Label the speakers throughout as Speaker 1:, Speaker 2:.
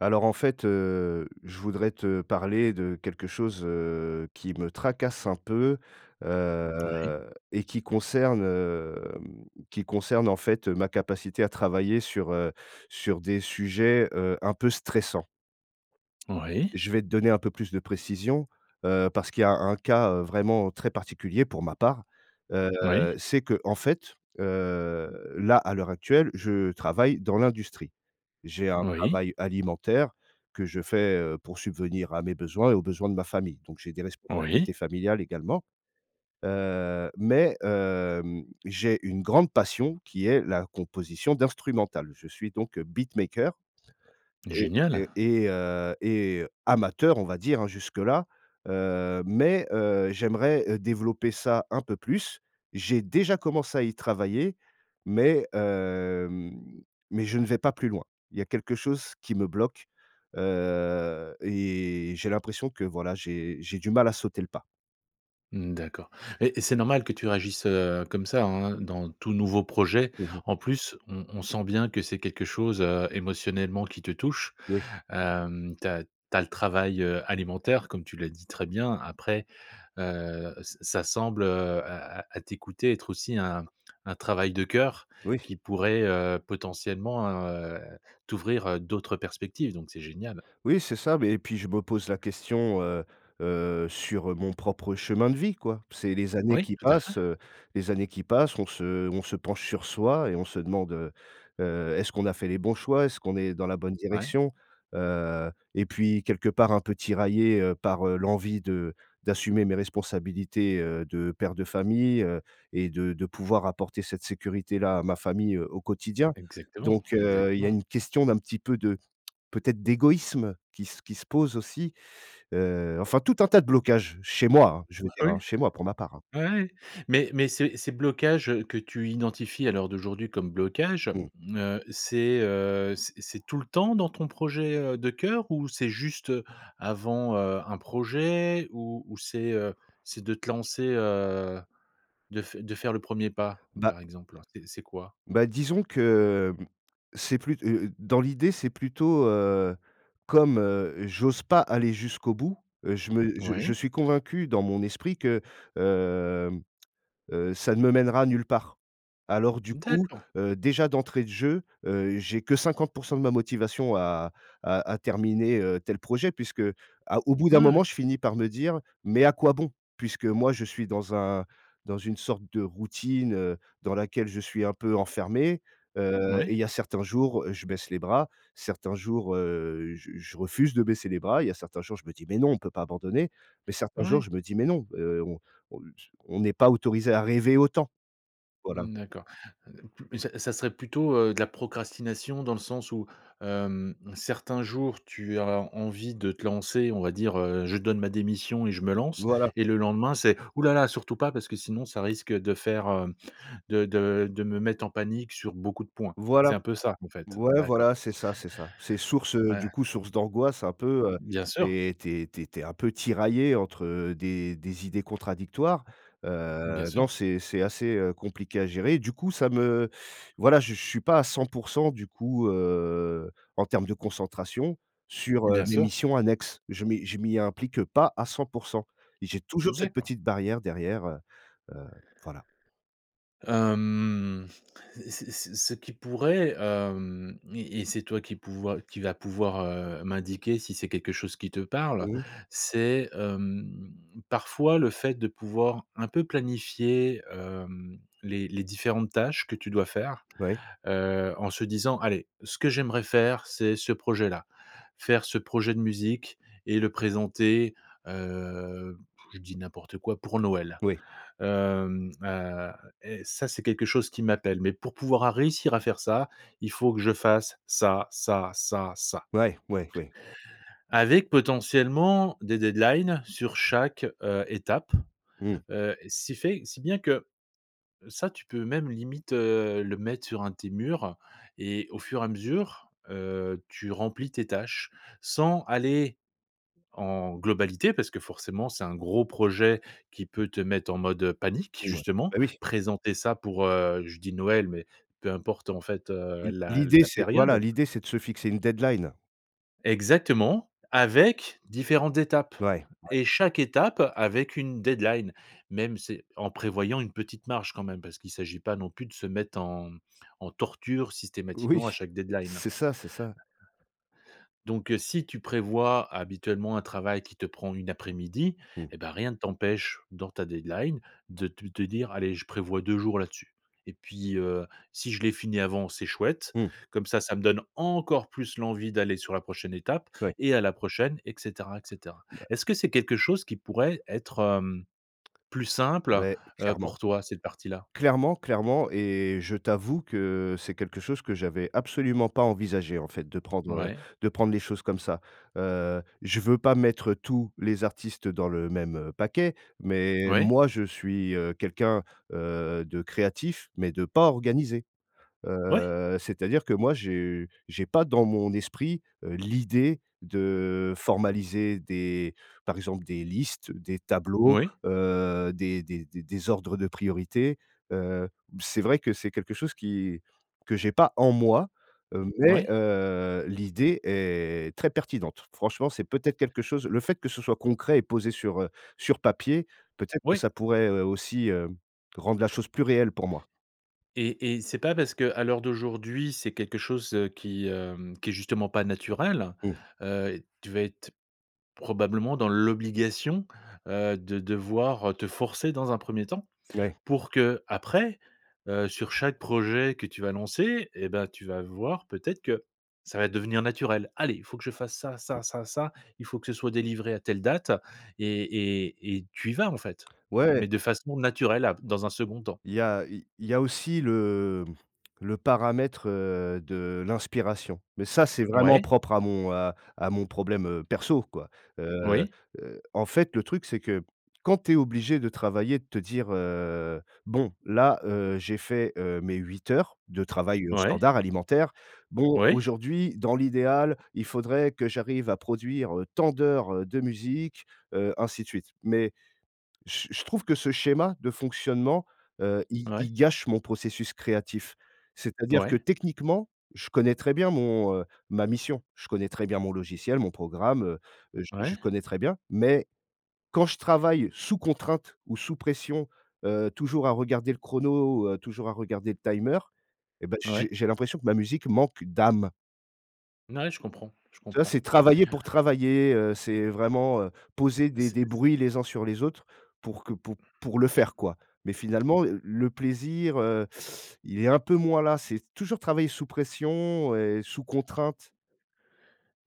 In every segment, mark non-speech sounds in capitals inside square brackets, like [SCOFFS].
Speaker 1: Alors, en fait, heu, je voudrais te parler de quelque chose, heu, qui me tracasse un peu,
Speaker 2: Oui.
Speaker 1: heu, et qui concerne, hem, qui concerne, en fait, ma capacité à travailler sur, heu, sur des sujets, heu, un peu stressants
Speaker 2: Oui.
Speaker 1: je vais te donner un peu plus de précision, heu, parce qu'il y a un cas, heu, vraiment très particulier pour ma part. Heu,
Speaker 2: Oui.
Speaker 1: c'est qu'en fait, heu, là, à l'heure actuelle, je travaille dans l'industrie. J'ai un
Speaker 2: Oui.
Speaker 1: travail alimentaire que je fais, heu, pour subvenir à mes besoins et aux besoins de ma famille, donc j'ai des
Speaker 2: Oui.
Speaker 1: responsabilités familiales également, heu. Mais, hem, j'ai une grande passion qui est la composition d'instrumentales. Je suis donc beatmaker et et
Speaker 2: Génial!
Speaker 1: et, heu et amateur, on va dire, hein, jusque là, heu, mais, heu, j'aimerais, heu, développer ça un peu plus. J'ai déjà commencé à y travailler mais, hem, mais je ne vais pas plus loin. Il y a quelque chose qui me bloque, heu et j'ai l'impression que, voilà, j'ai j'ai du mal à sauter le pas.
Speaker 2: Mmh, d'accord et et c'est normal que tu réagisses, heu, comme ça, hein, heu, dans tout nouveau projet,
Speaker 1: Mmh mh.
Speaker 2: en plus on on sent bien que c'est quelque chose, heu, émotionnellement qui te touche.
Speaker 1: Oui.
Speaker 2: Hem, tu as tu as le travail, heu, alimentaire comme tu l'as dit très bien après, heu, ç ça semble, heu, à à à t'écouter être aussi un un travail de cœur
Speaker 1: Oui.
Speaker 2: qui pourrait, heu, potentiellement, heu, t'ouvrir, heu, d'autres perspectives donc c'est génial.
Speaker 1: Oui, c'est ça mais et puis je me pose la question, heu heu, sur mon propre chemin de vie quoi. C'est les années
Speaker 2: Oui,
Speaker 1: qui
Speaker 2: tout à fait.
Speaker 1: passent. Heu, les années qui passent, on se on se penche sur soi et on se demande, heu heu, est-ce qu'on a fait les bons choix? Est-ce qu'on est dans la bonne
Speaker 2: Ouais.
Speaker 1: direction? Heu, et puis quelque part un peu tiraillé, heu, par, heu, l'envie de d'assumer mes responsabilités, heu, de père de famille, heu, et de de pouvoir apporter cette sécurité là à ma famille, heu, au quotidien.
Speaker 2: Exactement,
Speaker 1: Donc, heu, il y a
Speaker 2: exactement.
Speaker 1: une question d'un petit peu de peut-être d'égoïsme qui se qui se pose aussi. Heu, enfin tout un tas de blocages chez moi, hein, je veux dire,
Speaker 2: Oui.
Speaker 1: hein, chez moi pour ma part, hein.
Speaker 2: Ouais, ouais. Mais mais ces ces blocages, heu, que tu identifies à l'heure d'aujourd'hui comme blocages,
Speaker 1: Mmh.
Speaker 2: mmh, heu, c'est, heu, c'est c'est tout le temps dans ton projet, heu, de cœur? Ou c'est juste, heu, avant, heu, un projet? Ou ou c'est, heu, c'est de te lancer, heu, de f de faire le 1er pas,
Speaker 1: Bah
Speaker 2: par exemple? C'est c'est quoi?
Speaker 1: bah disons que, hem, c'est plut heu heu, dans l'idée, c'est plutôt, heu, comme, heu, j'ose pas aller jusqu'au bout, heu, je me je je
Speaker 2: Oui.
Speaker 1: suis convaincu dans mon esprit que, hem, heu, ça ne me mènera nulle part. Alors du coup,
Speaker 2: D'accord.
Speaker 1: heu, déjà d'entrée de jeu, heu, j'ai que 50 % de ma motivation à à à terminer, heu, tel projet puisque à au bout d'un
Speaker 2: Ah
Speaker 1: moment
Speaker 2: oui.
Speaker 1: je finis par me dire: «Mais à quoi bon?» puisque moi je suis dans un dans une sorte de routine, heu, dans laquelle je suis un peu enfermé, heu, et
Speaker 2: Oui.
Speaker 1: il y a certains jours je baisse les bras, certains jours, heu, je je refuse de baisser les bras, il y a certains jours je me dis: «Mais non, on peut pas abandonner». Mais certains jours
Speaker 2: Ouais.
Speaker 1: je me dis: «Mais non, heu, on o s on n'est pas autorisé à rêver autant». Voilà.
Speaker 2: Mmh, d'accord. Mmh d ça ça serait plutôt, heu, de la procrastination dans le sens où, hem, certains jours tu as envie de te lancer, on va dire: «Heu, je donne ma démission et je me lance»
Speaker 1: Voilà.
Speaker 2: et le lendemain, c'est: «Ouh là là surtout pas parce que sinon ça risque de faire hem, de de de me mettre en panique sur beaucoup de points».
Speaker 1: Voilà.
Speaker 2: C'est un peu ça en fait? En
Speaker 1: Ouais,
Speaker 2: d'accord.
Speaker 1: voilà, c'est ça, c'est ça. C'est source, heu,
Speaker 2: Ouais.
Speaker 1: du coup, source d'angoisse un peu, heu
Speaker 2: Bien sûr.
Speaker 1: et tu es tu es tu es un peu tiraillé entre, heu, des des idées contradictoires.
Speaker 2: Bien
Speaker 1: Heu,
Speaker 2: sûr.
Speaker 1: non c'est c'est assez, heu, compliqué à gérer. Du coup, ça me voilà, je je suis pas à 100 % du coup, heu, en termes de concentration sur, heu,
Speaker 2: Bien
Speaker 1: mes
Speaker 2: sûr.
Speaker 1: missions annexes. Je m'y je m'y implique pas à 100 % et j'ai toujours
Speaker 2: Mmh,
Speaker 1: cette
Speaker 2: d'accord.
Speaker 1: petite barrière derrière, heu heu, voilà.
Speaker 2: Hem. Ce ce ce ce qui pourrait, hem, et et c'est toi qui pouvoi qui va pouvoir, heu, m'indiquer si c'est quelque chose qui te parle,
Speaker 1: Mmh.
Speaker 2: c'est, hem, parfois le fait de pouvoir un peu planifier, hem, les les différentes tâches que tu dois faire,
Speaker 1: Ouais.
Speaker 2: heu, en se disant: «Allez, ce que j'aimerais faire c'est ce projet là, faire ce projet de musique et le présenter» heu, [BLOWS AIR] je dis n'importe quoi; «pour Noël.
Speaker 1: Oui.
Speaker 2: Hem, heu, est ça c'est quelque chose qui m'appelle, mais pour pouvoir à réussir à faire ça, il faut que je fasse ça, ça, ça, ça»
Speaker 1: Ouais. Ouais, oui.
Speaker 2: avec potentiellement des deadlines sur chaque, heu, étape.
Speaker 1: Mmh.
Speaker 2: Heu, si fait si bien que, ça tu peux même limite, heu, le mettre sur un de tes murs, heu et au fur et à mesure, heu, tu remplis tes tâches sans aller en globalité. Parce que, forcément, c'est un gros projet qui peut te mettre en mode, heu, panique
Speaker 1: Ouais.
Speaker 2: justement,
Speaker 1: Bah oui.
Speaker 2: présenter ça pour, heu, je dis, Noël, mais peu importe en fait, heu,
Speaker 1: L'i
Speaker 2: la
Speaker 1: l'idée
Speaker 2: la
Speaker 1: c'est voilà,
Speaker 2: période.
Speaker 1: l'idée c'est de se fixer une deadline.
Speaker 2: Exactement, avec différentes étapes
Speaker 1: Ouais. Ouais.
Speaker 2: et chaque étape avec une deadline Même c'est, en prévoyant une petite marge quand même, parce qu'il s'agit pas non plus de se mettre en, mmh, en torture
Speaker 1: Oui,
Speaker 2: systématiquement à chaque deadline
Speaker 1: c'est ça, c'est ça.
Speaker 2: donc, heu, si tu prévois habituellement un travail qui te prend 1 après-midi
Speaker 1: Mmh.
Speaker 2: et ben, rien ne t'empêche, dans ta deadline de te te dire: «Allez je prévois 2 jours là-dessus. Et puis, heu, si je l'ai fini avant c'est chouette,
Speaker 1: Mmh.
Speaker 2: comme ça ça me donne encore plus l'envie d'aller sur la prochaine étape
Speaker 1: Oui.
Speaker 2: et à la prochaine et cetera et cetera»,
Speaker 1: Bah
Speaker 2: est-ce que c'est quelque chose qui pourrait être, hem, plus simple,
Speaker 1: Beh,
Speaker 2: heu,
Speaker 1: clairement.
Speaker 2: pour toi, cette partie-là?
Speaker 1: Clairement, clairement et je t'avoue que, c'est quelque chose que j'avais absolument pas envisagé en fait de prendre, heu,
Speaker 2: Ouais.
Speaker 1: de prendre les choses comme ça. Heu, je veux pas mettre tous les artistes dans le même paquet, mais
Speaker 2: Oui.
Speaker 1: moi je suis, heu, quelqu'un, heu, de créatif, mais de pas organisé.
Speaker 2: Ouais.
Speaker 1: Heu c'est-à-dire, que moi j'ai j'ai pas dans mon esprit, heu, l'idée de formaliser des, par exemple, des listes, des tableaux,
Speaker 2: Oui.
Speaker 1: heu, des des des des ordres de priorité. Heu, b c'est vrai qui c'est quelque chose qui que j'ai pas en moi, heu, mais,
Speaker 2: Oui.
Speaker 1: heu, l'idée est très pertinente. Franchement, c'est peut-être quelque chose le fait que ce soit concret et posé sur, heu, sur papier peut-être que
Speaker 2: Oui.
Speaker 1: ça pourrait, heu, aussi, hem, rendre la chose plus réelle pour moi.
Speaker 2: Et et c'est pas parce qu'à l'heure d'aujourd'hui, c'est quelque chose, heu, qui, hem, qui est justement pas naturel.
Speaker 1: Mmh.
Speaker 2: Heu, tu vas être, probablement dans l'obligation, heu, de devoir te forcer dans un 1er temps,
Speaker 1: Ouais.
Speaker 2: pour qu'après, heu, sur chaque projet que tu vas lancer et bah, tu vas voir peut-être, que ça va devenir naturel. «Allez, il faut que je fasse ça,
Speaker 1: Mmh.
Speaker 2: ça, ça, ça, il faut que ce soit délivré à telle date» et et, et tu y vas en fait,
Speaker 1: Ouais.
Speaker 2: mais de façon naturelle ap dans un 2d temps.
Speaker 1: Il y a il il y a aussi le le paramètre, heu, de l'inspiration. Mais ça c'est vraiment
Speaker 2: Ouais.
Speaker 1: propre à mon, heu, à mon problème, heu, perso quoi. Heu
Speaker 2: Oui.
Speaker 1: heu, en fait, le truc c'est que, quand tu es obligé de travailler, de te dire «Heu, bon, là, heu, j'ai fait, heu, mes 8 heures de travail
Speaker 2: Ouais.
Speaker 1: standard alimentaire, bon
Speaker 2: Oui.
Speaker 1: aujourd'hui dans l'idéal, il faudrait que j'arrive à produire, heu, tant d'heures de musique, heu, ainsi de suite», mais je je trouve que ce schéma de fonctionnement, heu, il
Speaker 2: Ouais.
Speaker 1: il gâche mon processus créatif. C'est-à-dire que
Speaker 2: Ouais.
Speaker 1: techniquement, je connais très bien mon heu, ma mission. Je connais très bien mon logiciel, mon programme, heu, je je
Speaker 2: Ouais.
Speaker 1: connais très bien, mais quand je travaille sous contrainte ou sous pression, heu, toujours à regarder le chrono, ou toujours à regarder le timer et bah, j'ai
Speaker 2: Ouais.
Speaker 1: j'ai l'impression que ma musique manque d'âme.
Speaker 2: Na ouais, je comprends, je
Speaker 1: Ça,
Speaker 2: comprends.
Speaker 1: c'est travailler pour travailler, heu c'est vraiment, heu, poser des
Speaker 2: C'est,
Speaker 1: des
Speaker 2: c
Speaker 1: bruits les uns sur les autres pour que pou pour le faire, quoi. Mais finalement, l le plaisir, heu, il est un peu moins là. C'est toujours travailler sous pression et sous contrainte.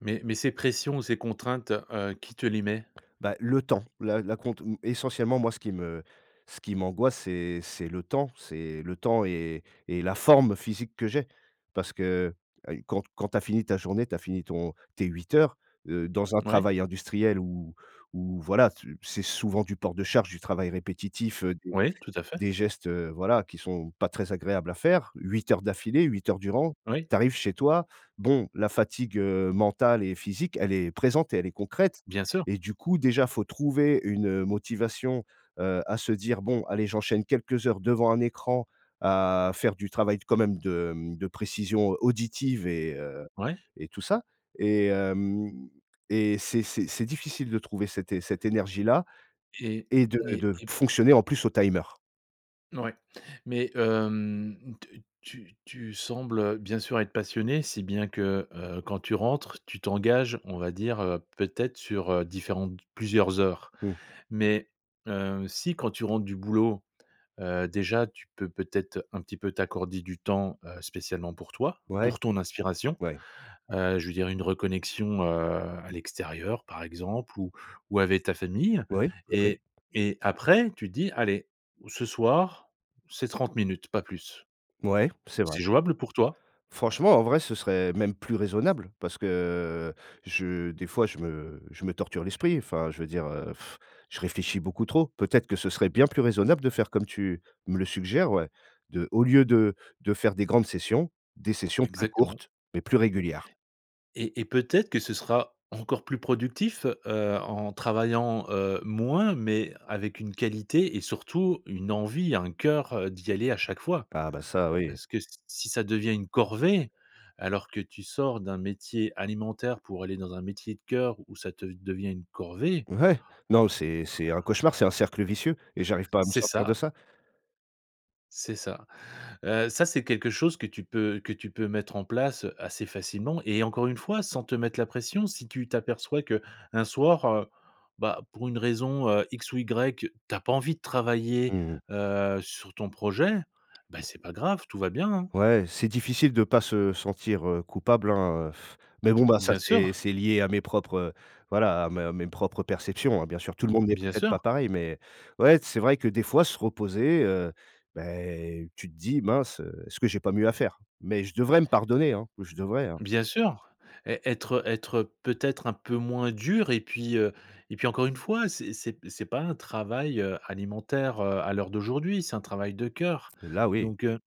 Speaker 2: Mais mais ces pressions, ces contraintes, heu, qui te les met?
Speaker 1: Bah, le temps. L'a l'acompte, mmh essentiellement, moi, ce qui me ce qui m'angoisse, c'est c'est le temps c'est le temps et et la forme physique que j'ai parce que, heu, quand quand tu as fini ta journée, tu as fini ton tes 8 heures, heu, dans un
Speaker 2: Ouais.
Speaker 1: travail industriel où où, voilà, c c'est souvent du port de charge, du travail répétitif, heu, des
Speaker 2: Oui, tout à fait.
Speaker 1: des gestes, heu, voilà, qui sont pas très agréables à faire, 8 heures d'affilée, 8 heures durant
Speaker 2: Oui.
Speaker 1: tu arrives chez toi, bon, la fatigue, heu, mentale et physique, elle est présente et elle est concrète
Speaker 2: Bien sûr.
Speaker 1: et du coup, déjà, il faut trouver une, heu, motivation, heu, à se dire: «Bon allez, j'enchaîne quelques heures devant un écran à faire du travail t quand même de, mmh, de précision auditive et heu
Speaker 2: Ouais.
Speaker 1: et tout ça» et hem et c'est c'est c'est difficile de trouver cette é cette énergie-là
Speaker 2: Eh
Speaker 1: et de
Speaker 2: né
Speaker 1: de
Speaker 2: et
Speaker 1: fonctionner en plus au timer.
Speaker 2: Ouais. Mais, hem, te tu tu sembles, heu, bien sûr être passionné, si bien que, heu, quand tu rentres, tu t'engages, on va dire, heu, peut-être sur, heu, différentes d plusieurs heures.
Speaker 1: Mmh.
Speaker 2: Mais, heu, si quand tu rentres du boulot, heu, déjà tu peux peut-être un petit peu t'accorder du temps, heu, spécialement pour toi,
Speaker 1: Ouais.
Speaker 2: pour ton inspiration.
Speaker 1: Ouais.
Speaker 2: Heu, je veux dire une reconnexion, heu, à l'extérieur par exemple ou ou avec ta famille
Speaker 1: Oui, oui oui.
Speaker 2: et et après tu te dis: «Allez ce soir, c'est 30 minutes, pas plus».
Speaker 1: Ouais, c'est vrai
Speaker 2: C'est jouable pour toi?
Speaker 1: franchement, en vrai, ce serait même plus raisonnable parce que, je des fois je me je me torture l'esprit enfin, je veux dire, heu, [BLOWS AIR] je réfléchis beaucoup trop. Peut-être que ce serait bien plus raisonnable de faire comme tu me le suggères, ouais, de au lieu de de faire des grandes sessions, des sessions plus
Speaker 2: Exactement.
Speaker 1: courtes mais plus régulières.
Speaker 2: Et et peut-être que ce sera encore plus productif, heu, en travaillant, heu, moins mais avec une qualité et surtout une envie, un cœur, heu, d'y aller à chaque fois
Speaker 1: Ah, bah, ça oui.
Speaker 2: parce que s si ça devient une corvée alors que tu sors d'un métier alimentaire pour aller dans un métier de cœur où ça te devient une corvée.
Speaker 1: Ouais. Non mais c'est c'est un cauchemar, c'est un cercle vicieux et j'arrive pas à me
Speaker 2: C'est
Speaker 1: sortir de
Speaker 2: ça.
Speaker 1: ça.
Speaker 2: C'est ça. Heu, ça, c'est quelque chose que tu peux que tu peux mettre en place, heu, assez facilement et encore une fois, sans te mettre la pression. Si tu t'aperçois qu'un soir, heu, bah, pour une raison, heu, X ou Y, tu as pas envie de travailler,
Speaker 1: Mmh mh.
Speaker 2: heu, sur ton projet, bah, c'est pas grave, tout va bien, hein.
Speaker 1: Ouais, c'est difficile de pas se sentir, heu, coupable, hein, heu,, [SCOFFS] mais bon, bah, ça,
Speaker 2: Bien sûr.
Speaker 1: c'est c'est lié à mes propres, heu, voilà, à mes, heu, mes propres perceptions, hein, bien sûr, tout le monde n'est
Speaker 2: Bien
Speaker 1: peut-être
Speaker 2: sûr.
Speaker 1: pas pareil, mais ouais, c'est vrai que, des fois, se reposer, heu, bah, tu te dis: «Mince, heu, est-ce que j'ai pas mieux à faire?», mais je devrais me pardonner, hein, oh je devrais, hein.
Speaker 2: Bien sûr. Ê être, heu, être, heu, peut-être un peu moins dur et puis, heu, et puis, encore une fois, c'est c'est p c'est pas un travail, heu, alimentaire, heu, à l'heure d'aujourd'hui, c'est un travail de cœur,
Speaker 1: Et là, oui.
Speaker 2: donc, heu,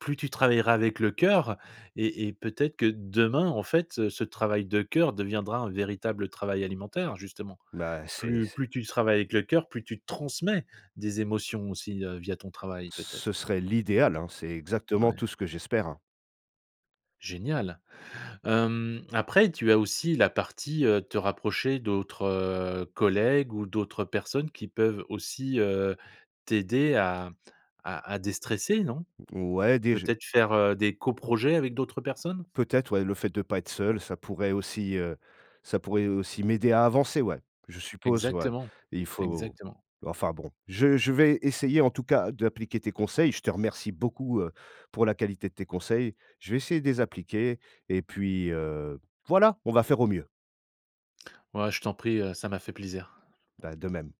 Speaker 2: plus tu travailleras avec le cœur et et peut-être que demain, en fait, ce travail de cœur deviendra un véritable travail alimentaire, justement.
Speaker 1: Bah, c'est
Speaker 2: Plus
Speaker 1: c
Speaker 2: plus tu travailles avec le cœur, plus tu transmets des émotions aussi, heu, via ton travail,
Speaker 1: Ce
Speaker 2: peut-être.
Speaker 1: serait l'idéal, hein. C'est exactement
Speaker 2: Ouais.
Speaker 1: tout ce que j'espère, hein.
Speaker 2: Génial. Hem, après, tu as aussi la partie, heu, te rapprocher d'autres, heu, collègues ou d'autres personnes qui peuvent aussi, heu, t'aider à à à déstresser, non?
Speaker 1: Ouais déj
Speaker 2: Peut-être faire, heu, des co-projets avec d'autres personnes?
Speaker 1: Peut-être, ouais, le fait de pas être seul, ça pourrait aussi, heu, ça pourrait aussi m'aider à avancer, ouais, je suppose, ouais.
Speaker 2: Exactement,
Speaker 1: Il faut
Speaker 2: exactement.
Speaker 1: enfin, bon, je je vais essayer, en tout cas, d'appliquer tes conseils, je te remercie beaucoup, heu, pour la qualité de tes conseils. Je vais essayer de les appliquer et puis, heu, voilà! On va faire au mieux.
Speaker 2: Ouais, je t'en prie, heu, ça m'a fait plaisir.
Speaker 1: Bah, de même.